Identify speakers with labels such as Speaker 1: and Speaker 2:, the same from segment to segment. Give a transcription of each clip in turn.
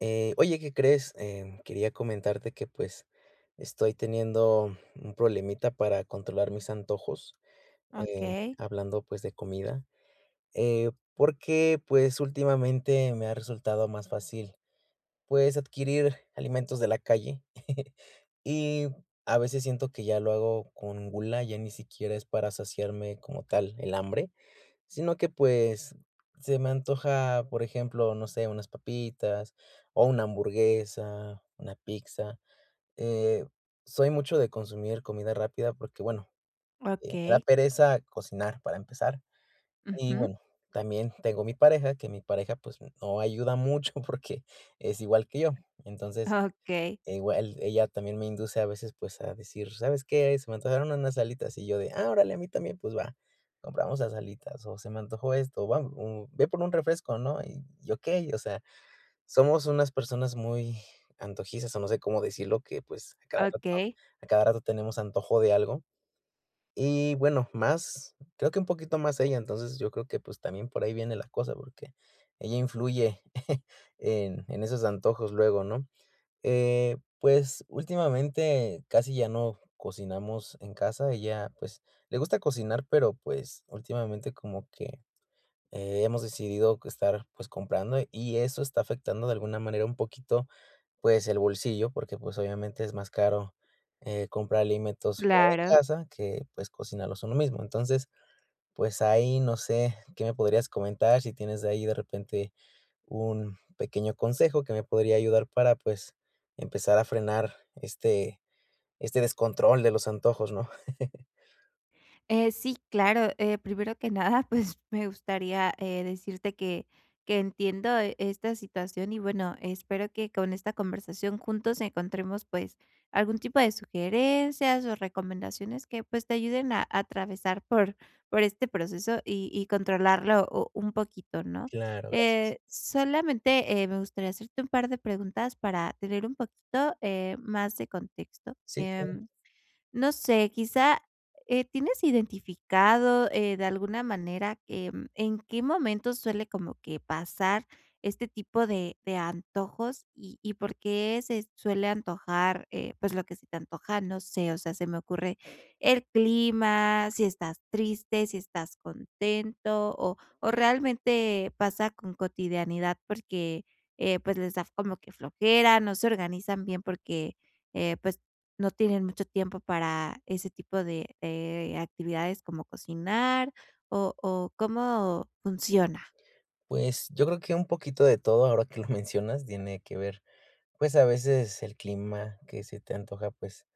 Speaker 1: Eh, oye, ¿qué crees? Eh, quería comentarte que, pues, estoy teniendo un problemita para controlar mis antojos. Eh,
Speaker 2: Okey.
Speaker 1: hablando, pues, de comida, eh, porque, pues últimamente me ha resultado más fácil, pues, adquirir alimentos de la calle, y a veces siento que ya lo hago con gula, ya ni siquiera es para saciarme como tal el hambre. Sino que, pues, se me antoja, por ejemplo, no sé, unas papitas, o una hamburguesa, una pizza. Eh, soy mucho de consumir comida rápida porque, bueno, me da
Speaker 2: Okey.
Speaker 1: pereza cocinar para empezar, y
Speaker 2: Ujú.
Speaker 1: bueno, también tengo mi pareja, que mi pareja, pues, no ayuda mucho porque, es igual que yo. Entonces,
Speaker 2: Okey.
Speaker 1: igual ella también me induce a veces, pues, a decir: "¿Sabes qué?, se me antojaron unas alitas", y yo de: "Ah, órale, a mí también, pues va, compramos las alitas". O: "Se me antojó esto, ¿va?" O: "Ve por un refresco", ¿no? Y okey. O sea, somos unas personas muy antojizas, o no sé cómo decirlo, que, pues, a cada rato
Speaker 2: Okey.
Speaker 1: a cada rato tenemos antojo de algo. Y bueno, más, creo que un poquito más ella. Entonces yo creo que, pues, también por ahí viene la cosa, porque ella influye en en esos antojos luego, ¿no? Eh, pues últimamente casi ya no cocinamos en casa. Ella, pues, le gusta cocinar, pero, pues, últimamente como que, eh, hemos decidido estar, pues, comprando y eso está afectando de alguna manera un poquito, pues, el bolsillo porque, pues, obviamente es más caro, eh, comprar alimentos fuera de
Speaker 2: Claro.
Speaker 1: casa que, pues, cocinarlos uno mismo. Entonces, pues, ahí no sé, ¿qué me podrías comentar? Si tienes ahí de repente un pequeño consejo que me podría ayudar para, pues, empezar a frenar este este descontrol de los antojos, ¿no?
Speaker 2: Eh, sí, claro. Eh, primero que nada, pues me gustaría, eh, decirte que que entiendo esta situación y, bueno, espero que con esta conversación juntos encontremos, pues, algún tipo de sugerencias o recomendaciones que, pues, te ayuden a a atravesar por por este proceso y y controlarlo u un poquito, ¿no?
Speaker 1: Claro. Gracias.
Speaker 2: Eh, solamente, eh, me gustaría hacerte un par de preguntas para tener un poquito, eh, más de contexto.
Speaker 1: Sí, claro.
Speaker 2: Em, no sé, quizá, eh, ¿tienes identificado, eh, de alguna manera, eh, en qué momento suele como que pasar este tipo de de antojos? Y y, ¿por qué se suele antojar?, eh, pues lo que se te antoja, no sé. O sea, se me ocurre, ¿el clima?, ¿si estás triste?, ¿si estás contento? O o ¿realmente pasa con cotidianidad? Porque, eh, pues, ¿les da como que flojera, no se organizan bien porque, eh, pues, no tienen mucho tiempo para ese tipo de, eh, actividades como cocinar?, o o, ¿cómo funciona?
Speaker 1: Pues yo creo que un poquito de todo, ahora que lo mencionas, tiene que ver, pues, a veces el clima, que se te antoja, pues,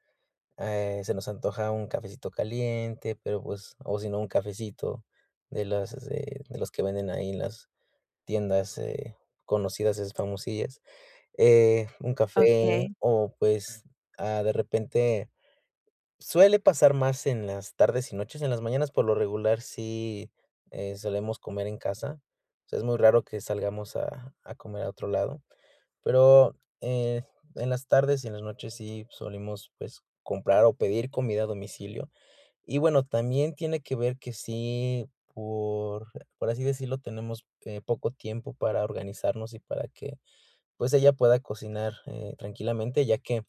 Speaker 1: eh, se nos antoja un cafecito caliente, pero, pues o si no un cafecito de los, de de los que venden ahí en las tiendas, eh, conocidas, esas famosillas, eh, un café
Speaker 2: Okey.
Speaker 1: o, pues, ah, de repente. Suele pasar más en las tardes y noches; en las mañanas, por lo regular, sí, eh, solemos comer en casa. O sea, es muy raro que salgamos a a comer a otro lado, pero, eh, en las tardes y en las noches sí solemos, pues, comprar o pedir comida a domicilio. Y bueno, también tiene que ver que sí, por por así decirlo, tenemos que poco tiempo para organizarnos y para que, pues, ella pueda cocinar, eh, tranquilamente, ya que,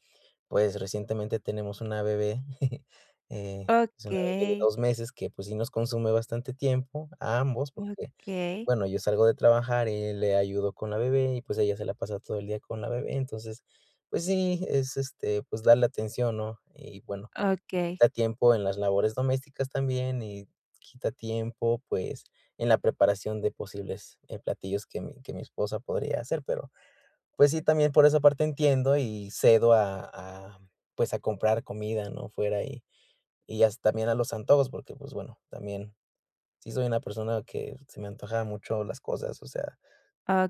Speaker 1: pues, recientemente tenemos una bebé, eh, es una bebé de
Speaker 2: Okey.
Speaker 1: 2 meses que, pues, sí nos consume bastante tiempo, a ambos, porque,
Speaker 2: Okey.
Speaker 1: bueno, yo salgo de trabajar y le ayudo con la bebé y, pues, ella se la pasa todo el día con la bebé. Entonces, pues, sí, es este, pues, darle atención, ¿no? Y bueno,
Speaker 2: Okey.
Speaker 1: quita tiempo en las labores domésticas también, y quita tiempo, pues, en la preparación de posibles, eh, platillos que mi que mi esposa podría hacer, pero. Pues sí, también por esa parte entiendo y cedo a a, pues, a comprar comida, ¿no?, fuera y y hasta me dan los antojos porque, pues, bueno, también sí soy una persona que se me antoja mucho las cosas, o sea.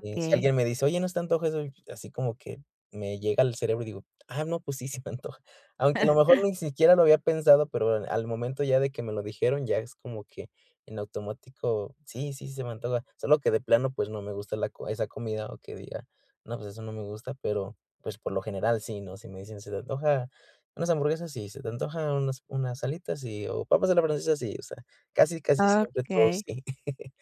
Speaker 1: Eh, si alguien me dice: "Oye, ¿no te antoja eso?". Así como que me llega al cerebro y digo: "Ah, no, pues sí, se me antoja". Aunque a lo mejor ni siquiera lo había pensado, pero al momento ya de que me lo dijeron, ya es como que en automático, sí, sí, se me antoja. Solo que de plano, pues, no me gusta la co esa comida, o que diga: "No, pues eso no me gusta", pero, pues, por lo general sí, ¿no? Si me dicen: "¿Se te antoja unas hamburguesas?" Sí. "¿Se te antoja unas unas alitas?" Sí. O, "¿papas a la francesa?" Sí, o sea, casi, casi siempre todo
Speaker 2: Okey.
Speaker 1: sí.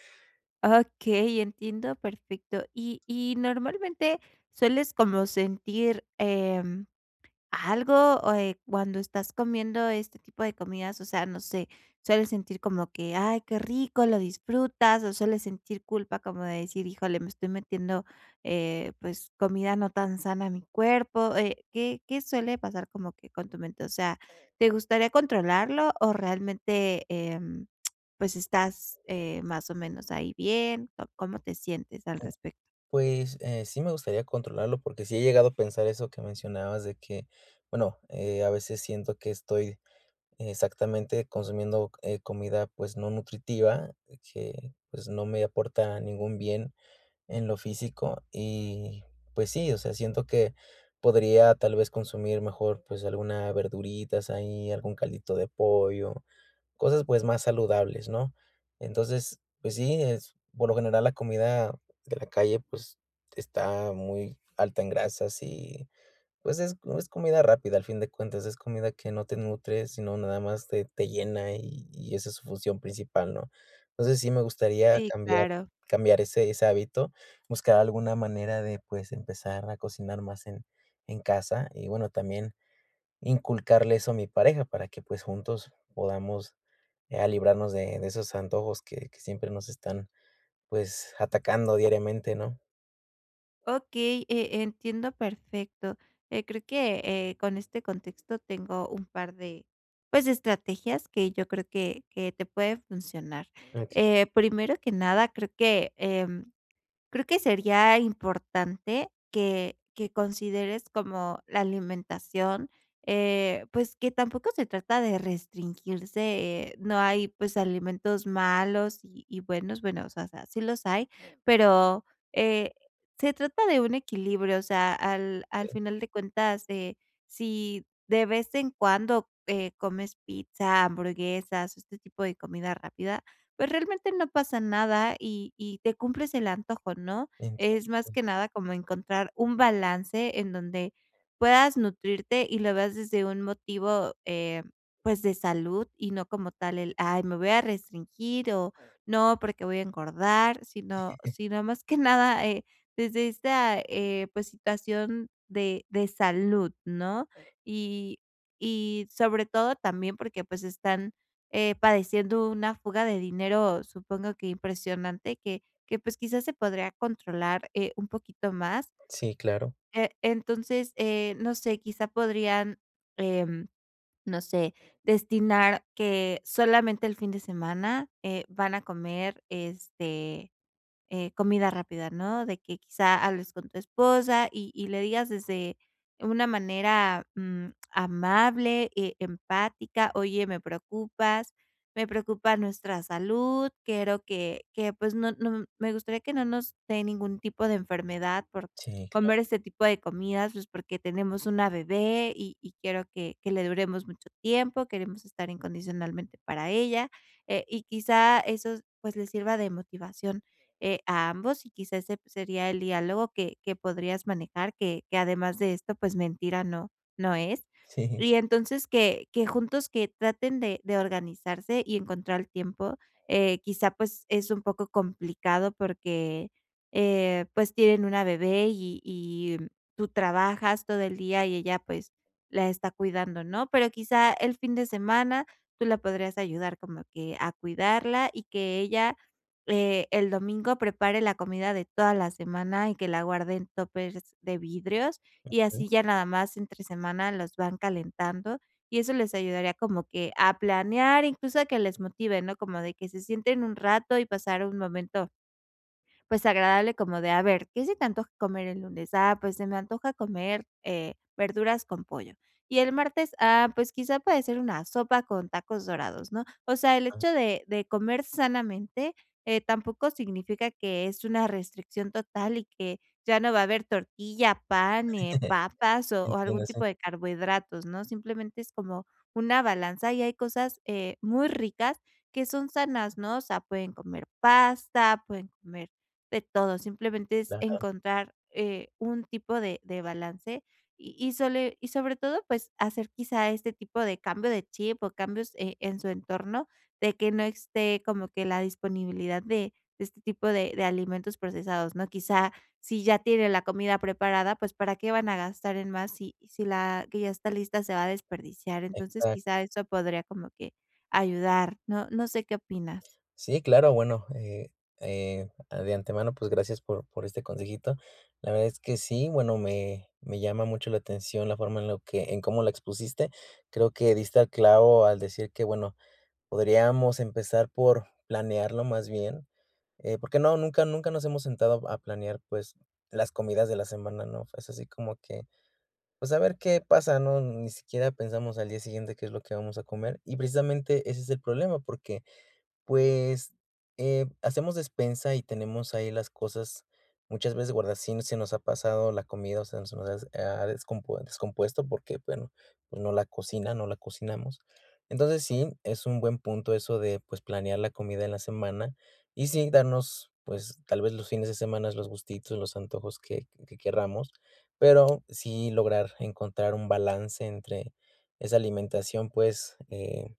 Speaker 2: Okey, entiendo perfecto. Y y, ¿normalmente sueles como sentir, em, algo, o, eh, cuando estás comiendo este tipo de comidas? O sea, no sé. ¿Sueles sentir como que ay, qué rico, lo disfrutas o sueles sentir culpa como de decir: "Híjole, me estoy metiendo, eh, pues, comida no tan sana a mi cuerpo"? Eh, ¿qué qué suele pasar como que con tu mente? O sea, ¿te gustaría controlarlo o realmente, em, pues estás, eh, más o menos ahí bien, o cómo te sientes al
Speaker 1: U
Speaker 2: respecto?
Speaker 1: Pues, eh, sí me gustaría controlarlo porque sí he llegado a pensar eso que mencionabas de que, bueno, eh, a veces siento que estoy exactamente consumiendo c eh, comida, pues, no nutritiva que, pues, no me aporta ningún bien en lo físico y, pues sí, o sea, siento que podría, tal vez, consumir mejor, pues, alguna verduritas ahí, algún caldito de pollo, cosas, pues, más saludables, ¿no? Entonces, pues sí, es, por lo general, la comida de la calle, pues, está muy alta en grasas y, pues, es no es comida rápida al fin de cuentas, es comida que no te nutre, sino nada más te te llena y y esa es su función principal, ¿no? Entonces, sí me gustaría
Speaker 2: Sí,
Speaker 1: cambiar
Speaker 2: claro.
Speaker 1: cambiar ese ese hábito, buscar alguna manera de, pues, empezar a cocinar más en en casa y, bueno, también inculcarle eso a mi pareja para que, pues, juntos podamos ya librarnos de de esos antojos que que siempre nos están, pues, atacando diariamente, ¿no?
Speaker 2: Okey, eh, entiendo perfecto. Eh, creo, eh, que con este contexto tengo un par de, pues, de estrategias que yo creo que que te puede funcionar.
Speaker 1: Ah.
Speaker 2: Eh, primero que nada, creo que, em, creo que sería importante que que consideres como la alimentación, eh, pues, que tampoco se trata de restringirse, eh, no hay, pues, alimentos malos y y buenos, bueno, o sea sea, sí los hay, pero, eh, se trata de un equilibrio, o sea, al al
Speaker 1: [unintelligible]
Speaker 2: final de cuentas de Si de vez en cuando, eh, comes pizza, hamburguesas, o este tipo de comida rápida, pues, realmente no pasa nada y y te cumples el antojo, ¿no? Es más
Speaker 1: Entiendo.
Speaker 2: que nada como encontrar un balance en donde puedas nutrirte y lo veas desde un motivo, eh, pues de salud y no como tal el ay, me voy a restringir o, no, porque voy a engordar, sino sino más que nada, eh, desde esta, eh, pues, situación de de salud, ¿no? Y y sobre todo también porque, pues, están, eh, padeciendo una fuga de dinero, supongo que impresionante, que que, pues quizás, se podría controlar, eh, un poquito más.
Speaker 1: Sí, claro.
Speaker 2: Eh, entonces, eh, no sé, quizá podrían, em, no sé, destinar que solamente el fin de semana, eh, van a comer, este, eh, comida rápida, ¿no?, de que, quizá, hables con tu esposa y y le digas, desde una manera, mm, amable, eh, empática: "Oye, me preocupas. Me preocupa nuestra salud. Quiero que que, pues, no no m Me gustaría que no nos dé ningún tipo de enfermedad por
Speaker 1: Sí, claro.
Speaker 2: comer este tipo de comidas, pues, porque tenemos una bebé y y quiero que que le duremos mucho tiempo, queremos estar incondicionalmente para ella", eh, y quizá, esos, pues, le sirva de motivación, eh, a ambos y, quizás, se sería el diálogo que que podrías manejar, que que además de esto, pues, mentira no no es.
Speaker 1: Sí.
Speaker 2: Y entonces, que que juntos, que traten de de organizarse y encontrar tiempo. Eh, quizá, pues, es un poco complicado porque, eh, pues, tienen una bebé y y, mm, tú trabajas todo el día y ella, pues, la está cuidando, ¿no? Pero, quizá, el fin de semana tú la podrías ayudar como que a cuidarla y que ella, eh, el domingo prepare la comida de toda la semana y que la guarden en tópers de vidrios y,
Speaker 1: Okey.
Speaker 2: así ya nada más entre semana los van calentando, y eso les ayudaría como que a planear, incluso, a que les motive, ¿no?, como de que se sienten un rato y pasar un momento pues, agradable como de, a ver, ¿qué se te antoja comer el lunes?. Ah, pues se me antoja comer, eh, verduras con pollo. ¿Y el martes?. Ah, pues, quizá puede ser una sopa con tacos dorados, ¿no? O sea, el
Speaker 1: Ah.
Speaker 2: hecho de de comer sanamente, eh, tampoco significa que es una restricción total y que ya no va a haber tortilla, pan, eh, papas o o
Speaker 1: Entiendo,
Speaker 2: algún
Speaker 1: sí.
Speaker 2: tipo de carbohidratos, ¿no? Simplemente es como una balanza, y hay cosas, eh, muy ricas que son sanas, ¿no? O sea, pueden comer pasta, pueden comer de todo. Simplemente es
Speaker 1: Ajá.
Speaker 2: encontrar, eh, un tipo de de balance. Y y sole Y sobre todo, pues, hacer quizá este tipo de cambio de chip o cambios, eh, en su entorno, de que no esté como que la disponibilidad de de este tipo de de alimentos procesados, ¿no? Quizá, si ya tiene la comida preparada, pues, para qué van a gastar en más si si la que ya está lista se va a desperdiciar. Entonces,
Speaker 1: Exac
Speaker 2: quizá eso podría como que ayudar. No no sé qué opinas.
Speaker 1: Sí, claro, bueno, eh, eh, a De antemano, pues, gracias por por este consejito. La verdad es que sí, bueno, me me llama mucho la atención la forma en lo que en cómo la expusiste. Creo que diste al clavo al decir que, bueno, podríamos empezar por planearlo, más bien, eh, porque no, nunca nunca nos hemos sentado a planear, pues, las comidas de la semana, ¿no?, es así como que, pues, a ver qué pasa, ¿no?, ni siquiera pensamos al día siguiente qué es lo que vamos a comer y, precisamente, ese es el problema porque, pues, eh, hacemos despensa y tenemos ahí las cosas, muchas veces guarda sin se nos ha pasado la comida, o sean, se nos has ha, descompue descompuesto porque, bueno, pues, no la cocina no la cocinamos. Entonces sí, es un buen punto eso de, pues, planear la comida en la semana y, sí, darnos, pues, tal vez, los fines de semanas, los gustitos, los antojos que que querramos, pero sí lograr encontrar un balance entre esa alimentación, pues, eh,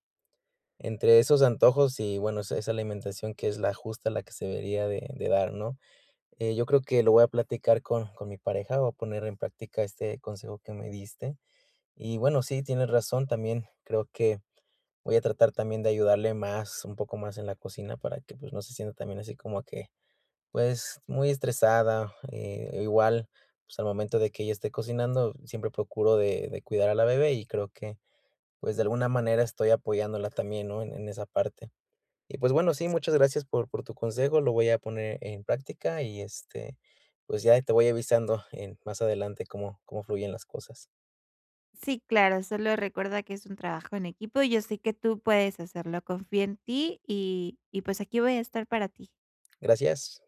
Speaker 1: entre esos antojos y, bueno, esa esa alimentación que es la justa la que se debería de de dar, ¿no? Eh, yo creo que lo voy a platicar con con mi pareja, voy a poner en práctica este consejo que me diste. Y, bueno, sí, tienes razón, también creo que voy a tratar también de ayudarle más, un poco más en la cocina para que, pues, no se sienta también así como que, pues, muy estresada, eh, igual, pues, al momento de que ella esté cocinando, siempre procuro de de cuidar a la bebé y, creo que, pues, de alguna manera estoy apoyándola también, ¿no?, en en esa parte. Y, pues, bueno, sí, muchas gracias por por tu consejo, lo voy a poner en práctica y, este, pues, ya ahí te voy avisando en más adelante cómo cómo fluyen las cosas.
Speaker 2: Sí, claro. Solo recuerda que es un trabajo en equipo. Yo sé que tú puedes hacerlo, confío en ti y y, pues aquí voy a estar para ti.
Speaker 1: Gracias.